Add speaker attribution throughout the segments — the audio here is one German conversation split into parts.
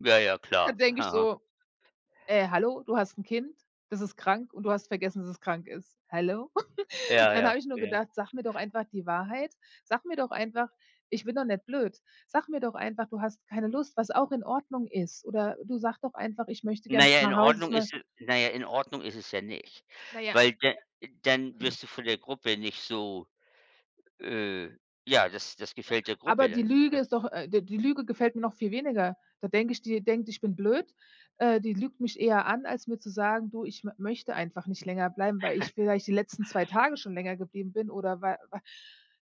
Speaker 1: Ja, ja
Speaker 2: Da
Speaker 1: klar.
Speaker 2: denke ich
Speaker 1: Aha.
Speaker 2: so: „Äh, hallo, du hast 'n Kind, das ist krank und du hast vergessen, dass es krank ist. Hallo?"
Speaker 1: Ja,
Speaker 2: Dann
Speaker 1: ja.
Speaker 2: habe ich nur
Speaker 1: Ja.
Speaker 2: gedacht: „Sag mir doch einfach die Wahrheit. Sag mir doch einfach ich bin doch nicht blöd. Sag mir doch einfach, du hast keine Lust, was auch in Ordnung ist. Oder, du sag doch einfach, ich möchte
Speaker 1: Na
Speaker 2: gern
Speaker 1: ja, in
Speaker 2: nach Hause,
Speaker 1: Ordnung
Speaker 2: zu mein".
Speaker 1: ist na ja, in Ordnung ist es ja nicht,
Speaker 2: Naja.
Speaker 1: weil da dann wirst du von der Gruppe nicht so äh, ja, das das
Speaker 2: Ja.
Speaker 1: gefällt der
Speaker 2: Aber
Speaker 1: Gruppe
Speaker 2: die
Speaker 1: dann nicht,
Speaker 2: Lüge
Speaker 1: ne?
Speaker 2: ist doch äh, d-die Lüge gefällt mir noch viel weniger. Da denke ich, die denkt, ich bin blöd. Äh, die lügt mich eher an, als mir zu sagen: „Du, ich m möchte einfach nicht länger bleiben, weil ich vielleicht die letzten 2 Tage schon länger geblieben bin oder weil weil“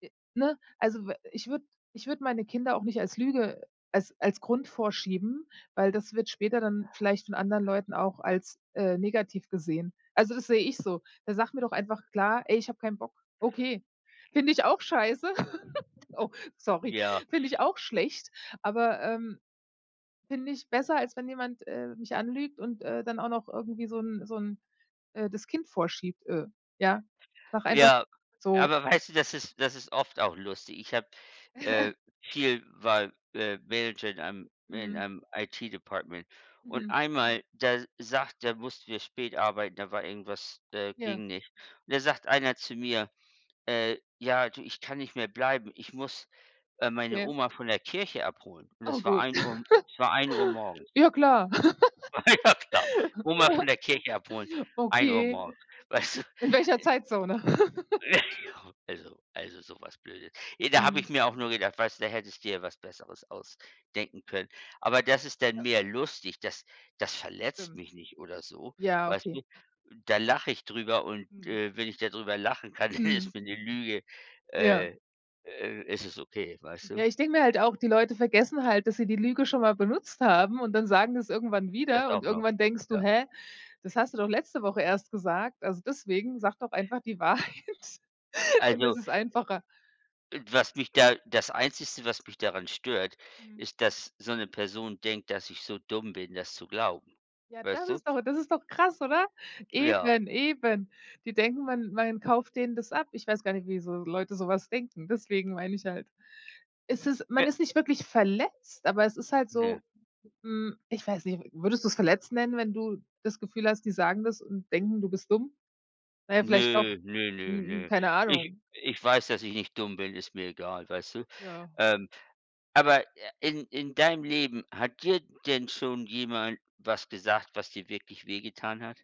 Speaker 2: Äh, ne? Also w ich würde ich würde meine Kinder auch nicht als Lüge als als Grund vorschieben, weil das wird später dann vielleicht von anderen Leuten auch als, äh, negativ gesehen. Also, das sehe ich so. Da sag mir doch einfach klar: „Ey, ich habe keinen Bock." Okay, finde ich auch scheiße. Oh, sorry.
Speaker 1: Ja.
Speaker 2: Finde ich auch schlecht, aber, ähm, finde ich besser, als wenn jemand, äh, mich anlügt und, äh, dann auch noch irgendwie so 'n so 'n äh, das Kind vorschiebt, äh. Ja, sage einfach
Speaker 1: Ja,
Speaker 2: so.
Speaker 1: aber weißt du, das ist das ist oft auch lustig. Ich habe äh, viel war, äh, Manager in einem in
Speaker 2: Mhm.
Speaker 1: einem IT-Department und
Speaker 2: Mhm.
Speaker 1: einmal, da sagt da mussten wir spät arbeiten, da war irgendwas äh,
Speaker 2: Ja.
Speaker 1: ging nicht. Und da sagt einer zu mir: „Äh, ja, du, ich kann nicht mehr bleiben. Ich muss, äh, meine
Speaker 2: Okay.
Speaker 1: Oma von der Kirche abholen." Und
Speaker 2: Oh
Speaker 1: das war
Speaker 2: gut.
Speaker 1: 1:00 es war 1:00 morgens.
Speaker 2: Ja klar.
Speaker 1: Ja klar, Oma von der Kirche abholen, 1:00
Speaker 2: Okay.
Speaker 1: morgens. Weißt du?
Speaker 2: In welcher Zeitzone?
Speaker 1: Also also so was Blödes. Da habe
Speaker 2: Mhm.
Speaker 1: ich mir auch nur gedacht: „Weißt du, da hättest dir ja was Besseres ausdenken können." Aber das ist dann
Speaker 2: Ja.
Speaker 1: mehr lustig, das das verletzt
Speaker 2: Stimmt.
Speaker 1: mich nicht oder so.
Speaker 2: Ja,
Speaker 1: Weißt
Speaker 2: okay.
Speaker 1: du? Da lache ich drüber und,
Speaker 2: Mhm.
Speaker 1: äh, wenn ich da drüber lachen kann,
Speaker 2: Mhm.
Speaker 1: ist mir 'ne Lüge
Speaker 2: Ja.
Speaker 1: äh, äh, ist es okay, weißt du?
Speaker 2: Ja, ich denke mir halt auch, die Leute vergessen halt, dass sie die Lüge schon mal benutzt haben und dann sagen sie das irgendwann
Speaker 1: Das
Speaker 2: wieder und
Speaker 1: auch noch.
Speaker 2: irgendwann denkst du:
Speaker 1: Ja.
Speaker 2: „Hä? Das hast du doch letzte Woche erst gesagt." Also deswegen, sag doch einfach die Wahrheit. Dann ist
Speaker 1: Also
Speaker 2: es einfacher.
Speaker 1: Was mich da das Einzigste, was mich daran stört,
Speaker 2: Mhm.
Speaker 1: ist, dass so 'ne Person denkt, dass ich so dumm bin, das zu glauben.
Speaker 2: Ja,
Speaker 1: Weißt
Speaker 2: das
Speaker 1: du?
Speaker 2: ist doch das ist doch krass, oder?
Speaker 1: Ja.
Speaker 2: Eben, eben. Die denken, man man kauft denen das ab. Ich weiß gar nicht, wieso Leute so was denken. Deswegen meine ich halt. Es ist man
Speaker 1: W
Speaker 2: ist nicht wirklich verletzt, aber es ist halt
Speaker 1: Ne.
Speaker 2: so hm, ich weiß nicht. W würdest du's verletzt nennen, wenn du das Gefühl hast, die sagen das und denken, du bist dumm? Na ja, vielleicht doch.
Speaker 1: Nö, nö, nö,
Speaker 2: Hm,
Speaker 1: nö.
Speaker 2: keine
Speaker 1: Ich
Speaker 2: Ahnung.
Speaker 1: ich weiß, dass ich nicht dumm bin, ist mir egal, weißt du?
Speaker 2: Ja.
Speaker 1: Ähm, aber, äh, in in deinem Leben, hat dir denn schon jemand was gesagt, was dir wirklich wehgetan hat?